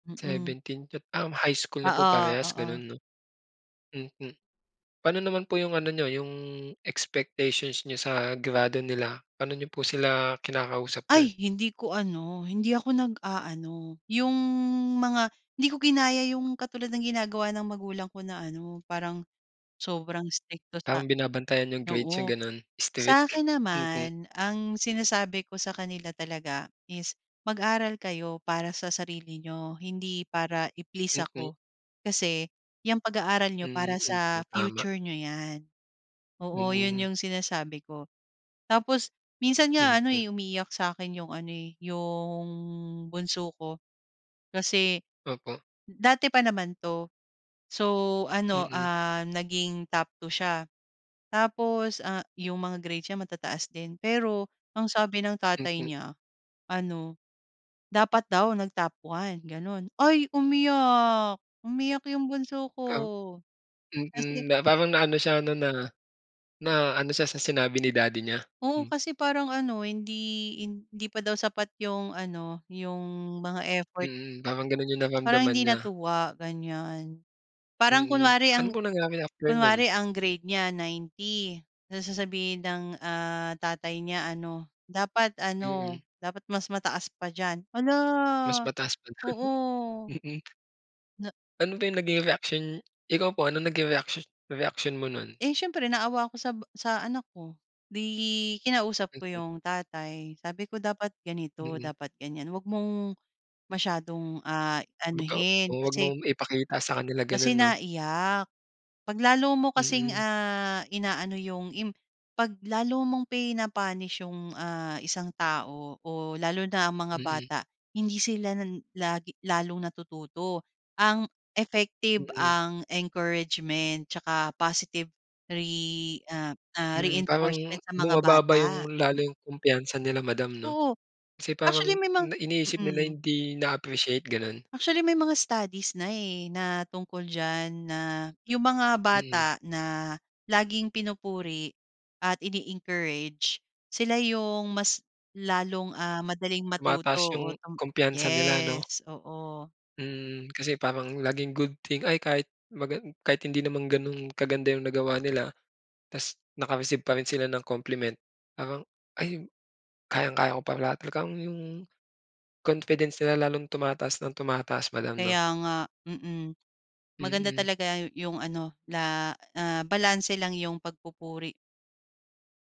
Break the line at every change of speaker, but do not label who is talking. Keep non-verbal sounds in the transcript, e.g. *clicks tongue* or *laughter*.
Mhm.
17 Um, high school na po
Oo,
parehas
oo.
gano'n, 'no. Mhm. Pa'no naman po yung ano n'yo, yung expectations n'yo sa grado nila? Pano n'yo po sila kinakausap dun?
Ay, hindi ko ano, hindi ako nag-a-ano, yung mga hindi ko ginaya yung katulad ng ginagawa ng magulang ko na ano, parang sobrang istrikto sa
Tamang binabantayan yung grades niyang
Oo.
gano'n.
Sa
Strict.
akin
Mhm.
naman, ang sinasabi ko sa kanila talaga is, "Mag-aral kayo para sa sarili niyo, hindi para i-please
Mm.
ako. Kasi yung pag-aaral n'yo
Mhm,
para
hmm.
sa
Tama.
future n'yo 'yan." Oo, yun,
Mhm.
yung sinasabi ko. Tapos minsan nga ano,
Mhm.
eh, umiiyak sa akin yung ano, eh, yung bunso ko, kasi
Opo.
dati pa naman 'to. So, ano,
Mhm.
ah, naging top 2 siya, tapos, ah, yung mga grades niya matataas din. Pero ang sabi ng tatay
Mhm.
niya, ano, dapat daw nag-top 1 gano'n. Ay! umiyak, umiyak yung bunso ko.
Oh.
Kasi
Mhm, na parang na ano siya 'no, na na ano siya sa sinabi ni daddy niya.
Oo,
Hmm.
kasi parang ano hindi hindi pa daw sapat yung ano, yung mga effort.
Mhm, parang ganun yung
Parang
nararamdaman
hindi
niya.
natuwa, ganyan. Parang
Mhm.
kunwari
Ano
ang
po nangyari after nun?
kunwari ang grade niya 90 tapos sasabihin ng, ah, tatay niya ano, dapat ano,
Mhm.
dapat mas mataas pa diyan. Hala,
Mas mataas pa dun.
oo.
Mhm.
Na
Ano ba yung naging reaksyon ikaw po, anong naging reaksyon reaksyon mo no'n?
Eh, siyempre naawa ako sa ba sa anak ko. 'Di kinausap ko
Mhm.
yung tatay sabi ko dapat ganito,
Mhm.
dapat ganyan, 'wag mong masyadong, ah,
Kumbaga O
anuhin
'wag
kasi
mong ipakita sa kanila
kasi
ganun, 'no?
naiyak. 'Pag lalo mo kasing,
Mhm.
ah, inaano yung imp 'pag lalo mong pina-punished yung, ah, isang tao o lalo na ang mga
Mhm.
bata, hindi sila na lagi lalong natututo. Ang effective,
Mhm.
ang encouragement, tsaka positive re ah,
Hmm, parang
reinforcement sa mga
bumababa
bata.
yung, lalo yung kumpiyansa nila madam, 'no.
Oo.
Kasi parang
Actually may mga
na iniisip nila
Mhm.
hindi na-appreciate, gano'n?
Actually, may mga studies na, eh, na tungkol diyan, na yung mga
Mhm.
bata na laging pinupuri at ine-encourage, sila yung mas lalong, ah, madaling matuto.
Tumataas yung
Oo, tam
kumpiyansa nila, 'no?
yes, oo.
Hmm, *clicks tongue* kasi parang laging good thing, ay kahit magan kahit hindi naman ganun kaganda yung nagawa nila ta's naka-receive pa rin sila ng compliment parang, "Ay kayang-kaya ko pala," talagang yung confidence nila lalong tumataas nang tumataas madam, 'no.
Kaya nga. Mhm, maganda
Mhm.
talaga yung ano, la ah, balanse lang yung pagpupuri.